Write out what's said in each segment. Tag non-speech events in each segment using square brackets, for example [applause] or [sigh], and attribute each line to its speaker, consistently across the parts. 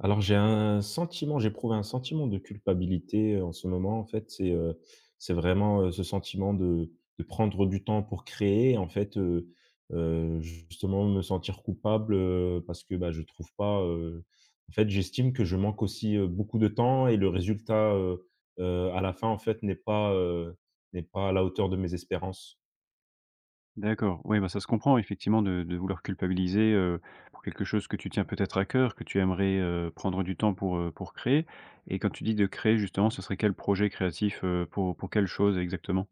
Speaker 1: Alors j'ai un sentiment j'éprouve un sentiment de culpabilité, heu, en ce moment. En fait, c'est, heu, c'est vraiment, heu, ce sentiment de de prendre du temps pour créer. En fait, heu heu, justement, me sentir coupable, heu, parce que, bah, je trouve pas, heu en fait, j'estime que je manque aussi, heu, beaucoup de temps et le résultat, heu heu, à la fin, en fait, n'est pas, heu, n'est pas à la hauteur de mes espérances.
Speaker 2: D'accord, ouais, bah, ça se comprend, effectivement, de de vouloir culpabiliser, heu, pour quelque chose que tu tiens peut-être à cœur, que tu aimerais, heu, prendre du temps pour, heu, pour créer. Et, quand tu dis de créer, justement, ce serait quel projet créatif? Heu, pour pour quelle chose exactement?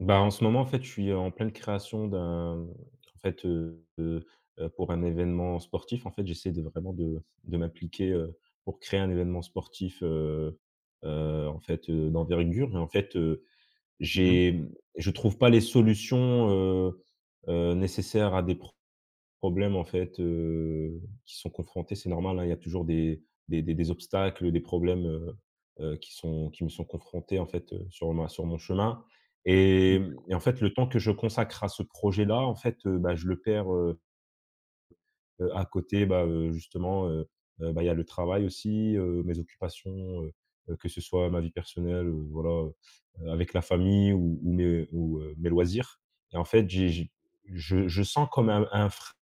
Speaker 1: Bah, en ce moment, en fait, je suis, heu, en pleine création d'un en fait, heu, de, heu, pour un événement sportif. En fait, j'essaie de vraiment de de m'appliquer, heu, pour créer un événement sportif, heu heu, en fait, heu, d'envergure. Mais, en fait, heu,
Speaker 2: Mmh mh.
Speaker 1: j'ai je trouve pas les solutions, heu heu, nécessaires à des pr problèmes, en fait, heu, qui sont confrontés, c'est normal, hein. Il y a toujours des des des des obstacles, heu, des problèmes, heu heu, qui sont qui me sont confrontés, en fait, heu, sur ma sur mon chemin.
Speaker 2: Mmh
Speaker 1: Et mmh
Speaker 2: mh.
Speaker 1: et en fait, le temps que je consacre à ce projet là, en fait, heu, bah, je le perds, heu heu, à côté, bah, heu, justement, heu heu, bah, il y a le travail aussi, heu, mes occupations, heu heu, que ce soit ma vie personnelle, heu, voilà, heu heu, avec la famille ou ou mes, ou, heu, mes loisirs. Et, en fait, j'ai j'ai je je sens comme un un frein,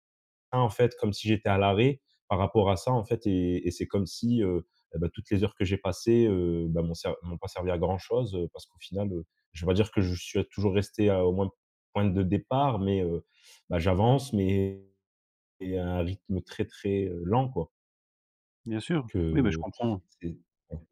Speaker 1: en fait, comme si j'étais à l'arrêt, par rapport à ça, en fait et et c'est comme si, heu et bah, toutes les heures que j'ai passées, heu, bah, m'ont ser m'ont pas servi à grand chose. Heu, parce qu'au final, heu, je vais pas dire que je suis toujours resté à au moins point de départ, mais, heu, bah, j'avance, mais mais à un rythme, heu, très, très, heu, lent, quoi
Speaker 2: Bien sûr,
Speaker 1: donc,
Speaker 2: oui, bah, je
Speaker 1: heu.
Speaker 2: comprends.
Speaker 1: C'est [unintelligible]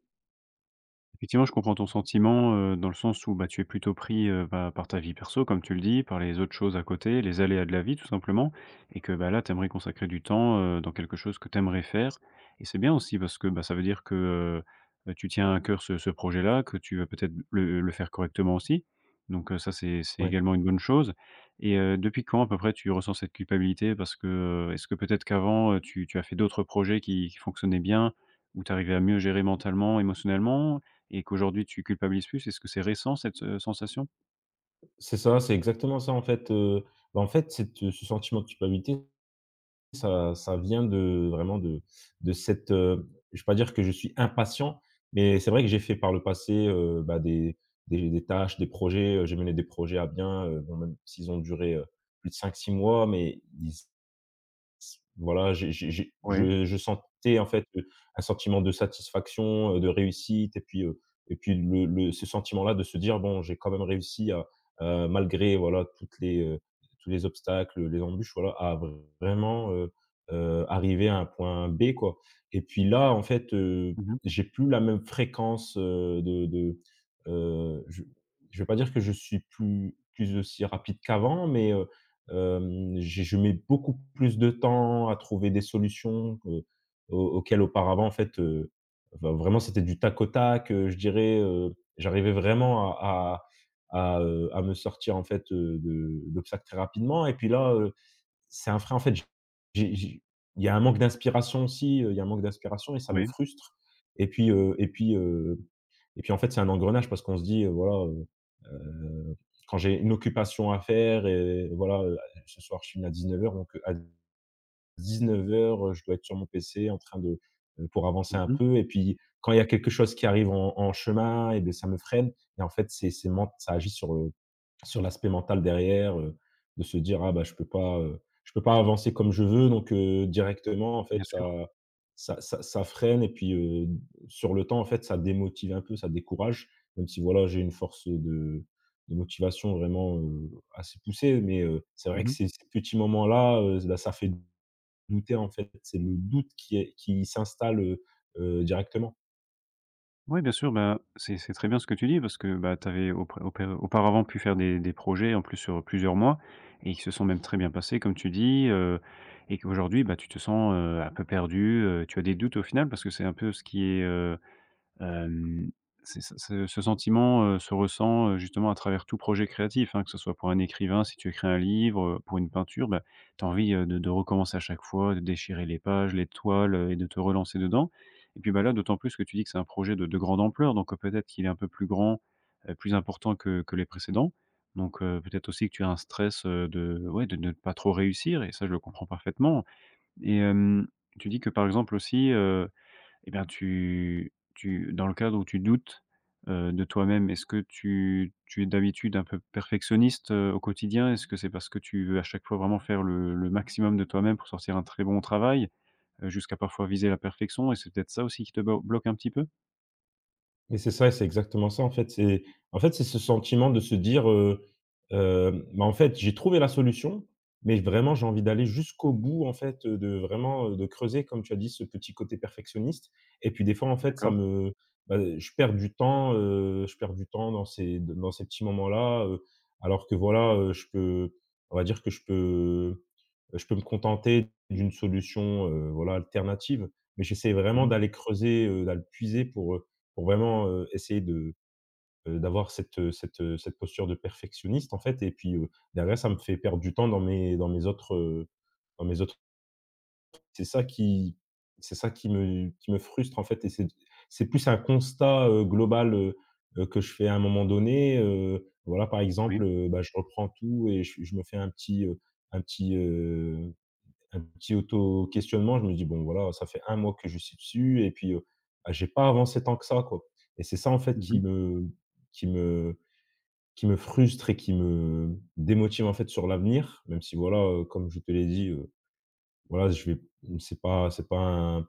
Speaker 2: Effectivement, je comprends ton
Speaker 1: Mmh.
Speaker 2: sentiment, heu, dans le sens où, bah, tu es plutôt pris, heu, bah, par ta vie perso, comme tu le dis, par les autres choses à côté, les aléas de la vie, tout simplement. Et que, bah, là, tu aimerais consacrer du temps, heu, dans quelque chose que tu aimerais faire. Et c'est bien aussi, parce que, bah, ça veut dire que, heu, bah, que, tu tiens à cœur ce ce projet là, que tu veux peut-être le le faire correctement, aussi. Donc, heu, ça, c'est c'est
Speaker 1: Ouais.
Speaker 2: également une bonne chose. Et heu, depuis quand, à peu près, tu ressens cette culpabilité? Parce que, heu, est-ce que, peut-être, qu'avant, heu, tu tu as fait d'autres projets qui qui fonctionnaient bien, où tu arrivais à mieux gérer mentalement, émotionnellement, et qu'aujourd'hui, tu culpabilises plus? Est-ce que c'est récent, cette, heu, sensation?
Speaker 1: C'est ça, c'est exactement ça. En fait, heu, bah, en fait, cette, heu ce sentiment de culpabilité, ça ça vient de vraiment de de cette, heu je vais pas dire que je suis impatient, mais c'est vrai que j'ai fait par le passé, heu, bah, des des des tâches, des projets. Heu, j'ai mené des projets à bien, heu bon, même s'ils ont duré, heu, plus de 5-6 mois, mais ils s voilà, j'ai j'ai j'ai
Speaker 2: Ouais.
Speaker 1: je je sentais, en fait, un sentiment de satisfaction, heu, de réussite. Et puis, heu et puis le le ce sentiment là de se dire: «Bon, j'ai quand même réussi à, heu, malgré, voilà, toutes les heu, tous les obstacles, heu, les embûches, voilà, à vraiment, heu heu, arriver à un point B, quoi» et puis, là, en fait, heu,
Speaker 2: Mmh mh.
Speaker 1: j'ai plus la même fréquence, heu, de de, heu, je je vais pas dire que je suis plus plus aussi rapide qu'avant. Mais, heu, hem, j'ai je mets beaucoup plus de temps à trouver des solutions que heu, aux auxquelles, auparavant, en fait, heu enfin vraiment, c'était du tac au tac. Heu, je dirais, heu j'arrivais vraiment à à à, heu, à me sortir, en fait, heu, de de l'obstacle très rapidement et puis, là, heu, c'est un frein, en fait. J'ai j'ai j'ai il y a un manque d'inspiration aussi, heu, il y a un manque d'inspiration et ça me
Speaker 2: Ouais.
Speaker 1: frustre. Et puis, heu et puis, heu et puis, en fait, c'est un engrenage parce qu'on se dit, heu, voilà, heu heu, quand j'ai une occupation à faire et voilà, heu, ce soir, je finis à 19:00, donc, heu, à 19:00, heu, je dois être sur mon PC, en train de heu, pour avancer
Speaker 2: Mmh
Speaker 1: un
Speaker 2: mh.
Speaker 1: peu. Et puis, quand il y a quelque chose qui arrive en en chemin et bah, ça me freine et en fait, c'est c'est ment ça agit sur, heu, sur l'aspect mental, derrière, heu, de se dire: «Ah bah, je peux pas, heu, je peux pas avancer comme je veux», donc, heu, directement, en
Speaker 2: Bien
Speaker 1: fait,
Speaker 2: sûr.
Speaker 1: ça ça ça ça freine. Et puis, heu, sur le temps, en fait, ça démotive un peu, ça décourage. Même si, voilà, j'ai une force, heu, de de motivation, vraiment, heu, assez poussée, mais, heu, c'est vrai
Speaker 2: Mmh
Speaker 1: que
Speaker 2: mh.
Speaker 1: ces ces petits moments là, heu, bah, ça fait douter, en fait, c'est le doute qui est qui s'installe, heu heu, directement.
Speaker 2: Oui, bien sûr, bah, c'est c’est très bien, ce que tu dis, parce que, bah, tu avais aupr aup auparavant pu faire des des projets, en plus, sur plusieurs mois et qui se sont même très bien passés, comme tu dis, heu. Et qu'aujourd'hui, bah, tu te sens, heu, un peu perdu, heu. Tu as des doutes, au final, parce que c'est un peu ce qui est, heu, hem, c'est ce ce ce sentiment, heu, se ressent, justement, à travers tout projet créatif, hein, que ce soit pour un écrivain, si tu écris un livre, heu, pour une peinture, bah, tu as envie, heu, de de recommencer à chaque fois, de déchirer les pages, les toiles, heu et de te relancer dedans. Et puis, bah, là, d'autant plus que tu dis que c'est un projet de de grande ampleur. Donc, heu, peut-être qu'il est un peu plus grand, heu, plus important que que les précédents. Donc, heu, peut-être aussi que tu as un stress, heu, de ouais, de ne pas trop réussir et ça, je le comprends parfaitement et hem, tu dis que par exemple, aussi, heu, et bien, tu tu, dans le cadre où tu doutes, heu, de toi-même, est-ce que tu tu es, d'habitude, un peu perfectionniste, heu, au quotidien? Est-ce que c'est parce que tu veux, à chaque fois, vraiment faire le le maximum de toi-même pour sortir un très bon travail, heu, jusqu'à, parfois, viser la perfection, et c'est peut-être ça, aussi, qui te blo bloque un petit peu?
Speaker 1: Mais, c'est ça et c'est exactement ça, en fait, c'est en fait, c'est ce sentiment de se dire: «Heu hem, mais, en fait, j'ai trouvé la solution, mais, vraiment, j'ai envie d'aller jusqu'au bout», en fait, heu, de, vraiment, heu, de creuser,- comme tu as dit- ce petit côté perfectionniste. Et puis, des fois, en fait, ça
Speaker 2: D’accord.
Speaker 1: me bah, je perds du temps, heu, je perds du temps dans ces d dans ces petits moments là, heu, alors que, voilà, heu, je peux on va dire, que je peux, heu, je peux me contenter d'une solution, heu, voilà, alternative. Mais, j'essaie
Speaker 2: Mmh
Speaker 1: vraiment
Speaker 2: mh.
Speaker 1: d'aller creuser, heu, d’aller puiser pour, heu, pour vraiment, heu, essayer de, heu, d'avoir cette, heu cette, heu, cette posture de perfectionniste, en fait et puis, heu, derrière ça me fait perdre du temps dans mes dans mes autres, heu, dans mes autres C'est ça qui c’est ça qui me qui me frustre, en fait, et c'est p c’est plus un constat, heu, global, heu heu, que je fais à un moment donné. Heu, voilà, par
Speaker 2: Oui.
Speaker 1: exemple, heu, bah, je reprends tout et je je me fais un petit, heu, un petit, heu, un petit auto questionnement. Je me dis: «Bon, voilà, ça fait un mois que je suis dessus et puis, heu, bah, j'ai pas avancé tant que ça, quoi» et c'est ça, en fait,
Speaker 2: Mmh mh.
Speaker 1: qui me qui me qui me frustre et qui me démotive en fait, sur l'avenir. Même si, voilà, heu, comme je te l'ai dit, heu, voilà, je vais c’est pas c’est pas un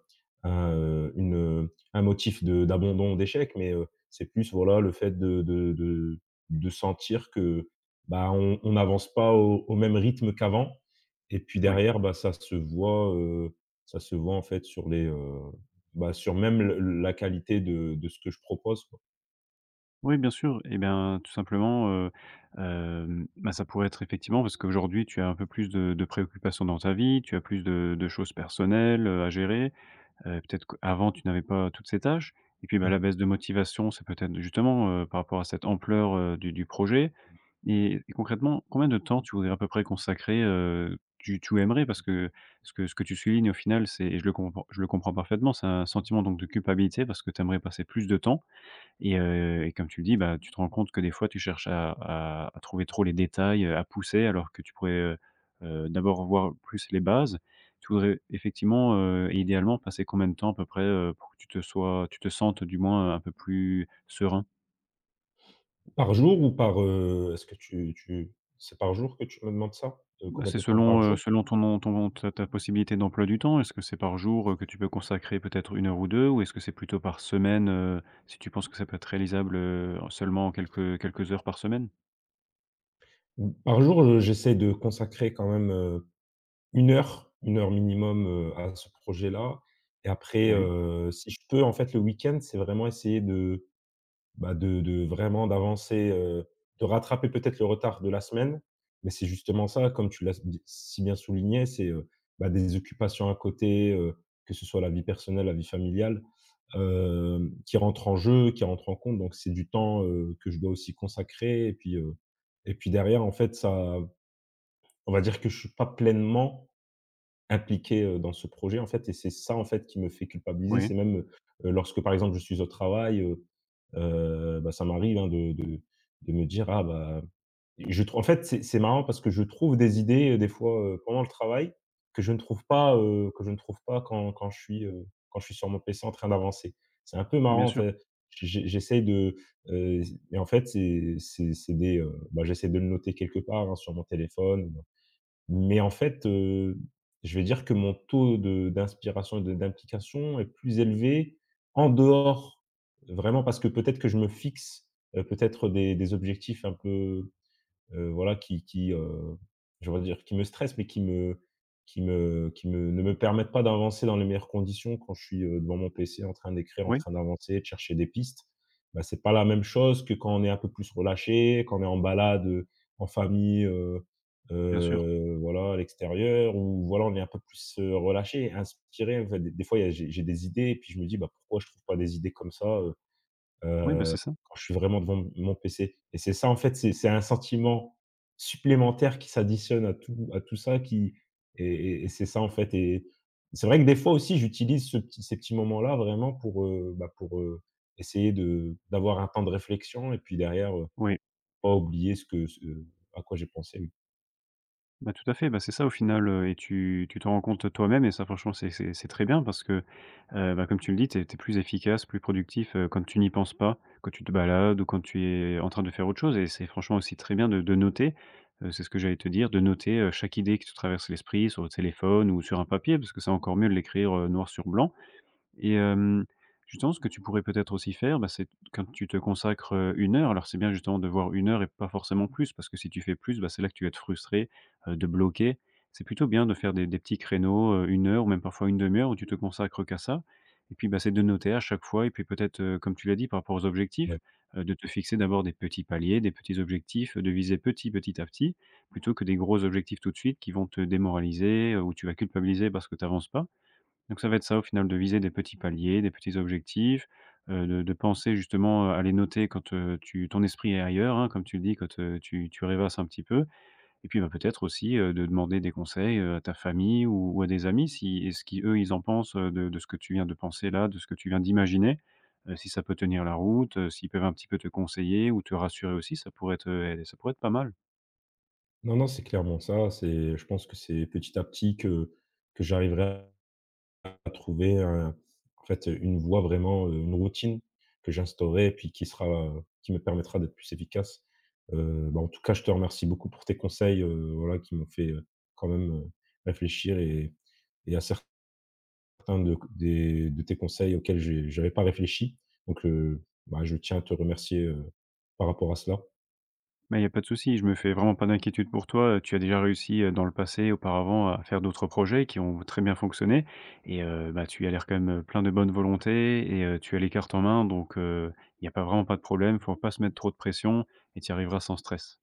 Speaker 1: un, heu, une, heu, un motif de d'abandon ou d'échecs. Mais, heu, c'est plus, voilà, le fait de de de de sentir que, bah, on on avance pas au au même rythme qu'avant et puis,
Speaker 2: Oui.
Speaker 1: derrière, bah, ça se voit, heu, ça se voit, en fait, sur les heu, bah, sur, même, le la qualité de de ce que je propose, quoi.
Speaker 2: Oui bien sûr et ben tout simplement heu, hem, ben ça pourrait être effectivement, parce qu'aujourd'hui tu as un peu plus de de préoccupations dans ta vie, tu as plus de de choses personnelles, heu à gérer. Heu, peut-être qu'avant tu n'avais pas toutes ces tâches. Et puis, bah la
Speaker 1: Mmh.
Speaker 2: baisse de motivation, c'est peut-être justement heu, par rapport à cette ampleur heu, du du projet.
Speaker 1: Mmh.
Speaker 2: Et et concrètement, combien de temps tu voudrais à peu près consacrer heu, tu tu aimerais? Parce que, ce que ce que tu soulignes au final, c'est je le compr je le comprends parfaitement. C'est un sentiment donc de culpabilité, parce que tu aimerais passer plus de temps. Et heu et comme tu le dis, bah tu te rends compte que, des fois, tu cherches à à à trouver trop les détails, heu, à pousser alors que tu pourrais, heu heu, d'abord voir plus les bases. Tu voudrais effectivement, heu, idéalement, passer combien de temps à peu près, heu, pour que tu te sois tu te sentes, heu, du moins heu, un peu plus serein?
Speaker 1: Par jour ou par, heu, est-ce que tu tu c'est par jour que tu me demandes ça? De
Speaker 2: Ben
Speaker 1: combien
Speaker 2: c'est
Speaker 1: de temps
Speaker 2: selon,
Speaker 1: par
Speaker 2: heu,
Speaker 1: jour?
Speaker 2: selon ton on ton on ta possibilité d'emploi du temps, est-ce que c'est par jour, heu, que tu peux consacrer peut-être 1 heure ou 2, ou est-ce que c'est plutôt par semaine, heu, si tu penses que ça peut être réalisable, heu, en seulement quelques quelques heures par semaine?
Speaker 1: Mmh par jour, je j'essaie de consacrer quand même, heu, 1 heure, 1 heure minimum, heu, à ce projet là. Et après,
Speaker 2: Moui.
Speaker 1: heu, si je peux, en fait le week-end, c'est vraiment essayer de, bah de de vraiment d'avancer, heu, de rattraper, peut-être, le retard de la semaine. Mais c'est justement ça, comme tu l'as s d si bien souligné. C'est, heu, bah des occupations à côté, heu, que ce soit la vie personnelle, la vie familiale, hem, qui rentrent en jeu, qui rentrent en compte. Donc c'est du temps, heu, que je dois aussi consacrer. Et puis, heu, et puis derrière en fait ça on va dire que je suis pas pleinement impliqué, heu, dans ce projet en fait, et c'est ça, en fait, qui me fait culpabiliser.
Speaker 2: Oui.
Speaker 1: C'est même, heu heu, lorsque, par exemple, je suis au travail, heu heu, bah ça m'arrive, hein, de de de me dire, ah bah je tr en fait, c'est c'est marrant parce que je trouve des idées, heu, des fois, heu, pendant le travail, que je ne trouve pas, heu, que je ne trouve pas quand quand je suis, heu, quand je suis sur mon PC en train d'avancer. C'est un peu
Speaker 2: Bien
Speaker 1: marrant, en
Speaker 2: sûr.
Speaker 1: fait, j'e j'e j'essaye de, heu, c et en fait, c'est c'est c'est des, heu, bah j'essaie de le noter quelque part, hein sur mon téléphone. Mais en fait, heu, je vais dire que mon taux de d'inspiration et de d'implication est plus élevé en dehors de vraiment parce que, peut-être, que je me fixe heu, peut-être, heu, des des objectifs un peu, heu voilà qui qui heu, je voudrais dire, qui me stressent mais qui me qui me qui me ne me permettent pas d'avancer dans les meilleures conditions quand je suis, heu, devant mon PC, en train d'écrire, en
Speaker 2: Oui.
Speaker 1: train d'avancer et de chercher des pistes. Bah c'est pas la même chose que quand on est un peu plus relâché, quand on est en balade, heu, en famille, heu
Speaker 2: Bien sûr.
Speaker 1: heu, voilà à l'extérieur ou voilà, on est un peu plus, heu, relâché, inspiré, en fait. D des fois, il y a j'ai j'ai des idées et puis je me dis: «Bah pourquoi je trouve pas des idées comme ça, heu
Speaker 2: Oui, bah c'est
Speaker 1: heu,
Speaker 2: ça.
Speaker 1: quand je suis vraiment devant devant m mon PC» et c'est ça en fait, c'est c'est un sentiment supplémentaire qui s'additionne à tout à tout ça qui et et c'est ça en fait. Et c'est vrai que des fois aussi, j'utilise ce petit ces petits moments là, vraiment pour, heu, bah, pour, heu, essayer de d'avoir un temps de réflexion et puis derrière, heu,
Speaker 2: Oui.
Speaker 1: pas oublier ce que, ce, heu à quoi j'ai pensé oui.
Speaker 2: Bah, tout à fait, bah, c'est ça, au final, heu. Et tu tu te rends compte, toi-même, et ça, franchement, c'est, c'est, c'est très bien parce que, heu, ben, comme tu le dis, tu es tu es plus efficace, plus productif, heu, quand tu n'y penses pas, quand tu te balades ou quand tu es, en train, de faire autre chose. Et c'est franchement aussi très bien de de noter, heu. C'est ce que j'allais te dire, de noter, heu, chaque idée qui te traverse l'esprit, sur le téléphone ou sur un papier, parce que c'est encore mieux de l'écrire, heu, noir sur blanc. Et hem, justement, ce que tu pourrais peut-être aussi faire, bah, c'est t quand tu te consacres, heu, une heure alors c'est bien, justement, de voir une heure et pas forcément plus, parce que, si tu fais plus, bah, c'est là que tu vas être frustré, heu, de bloquer. C'est plutôt bien de faire des des petits créneaux, heu, 1 heure ou même, parfois, 1/2 heure où tu te consacres qu'à ça. Et puis, bah, c'est de noter, à chaque fois. Et puis peut-être, heu, comme tu l'as dit, par rapport aux objectifs,
Speaker 1: Ouais.
Speaker 2: heu, de te fixer d'abord des petits paliers, des petits objectifs, de viser petit, petit à petit, plutôt que des gros objectifs, tout de suite, qui vont te démoraliser, heu, ou tu vas culpabiliser parce que tu avances pas. Donc, ça va être ça, au final, de viser des petits paliers, des petits objectifs, heu, de de penser, justement, heu, à les noter quand, heu, tu ton esprit est ailleurs, hein, comme tu le dis, quand, heu, tu tu rêvasses un petit peu. Et puis, bah, peut-être aussi, heu, de demander des conseils, heu, à ta famille ou ou à des amis, si et ce qu'eux, ils en pensent, heu, de de ce que tu viens de penser, là, de ce que tu viens d'imaginer, heu, si ça peut tenir la route, heu, s'ils peuvent un petit peu te conseiller ou te rassurer aussi, ça pourrait être, heu, et, ça pourrait être pas mal.
Speaker 1: Non, non. C'est clairement ça. C'est je pense que c'est petit à petit que que j'arriverai à trouver un en fait, heu, une voie, vraiment, heu une routine que j'instaurerai, puis qui sera, heu qui me permettra d'être plus efficace. Heu, bah, en tout cas, je te remercie beaucoup pour tes conseils, heu, voilà, qui m'ont fait, heu, quand même, heu, réfléchir et et à certains, de des de tes conseils auxquels j j'avais pas réfléchi. Donc, heu, bah, je tiens à te remercier, heu, par rapport à cela.
Speaker 2: Bah, il y a pas de souci, je me fais vraiment pas d'inquiétude pour toi, heu. Tu as déjà réussi, heu, dans le passé auparavant, à faire d'autres projets qui ont très bien fonctionné et heu, bah, tu as l'air, quand même, heu, plein de bonne volonté et heu, tu as les cartes en main, donc, heu. Il y a pas vraiment pas de problème, il faut pas se mettre trop de pression et tu y arriveras sans stress.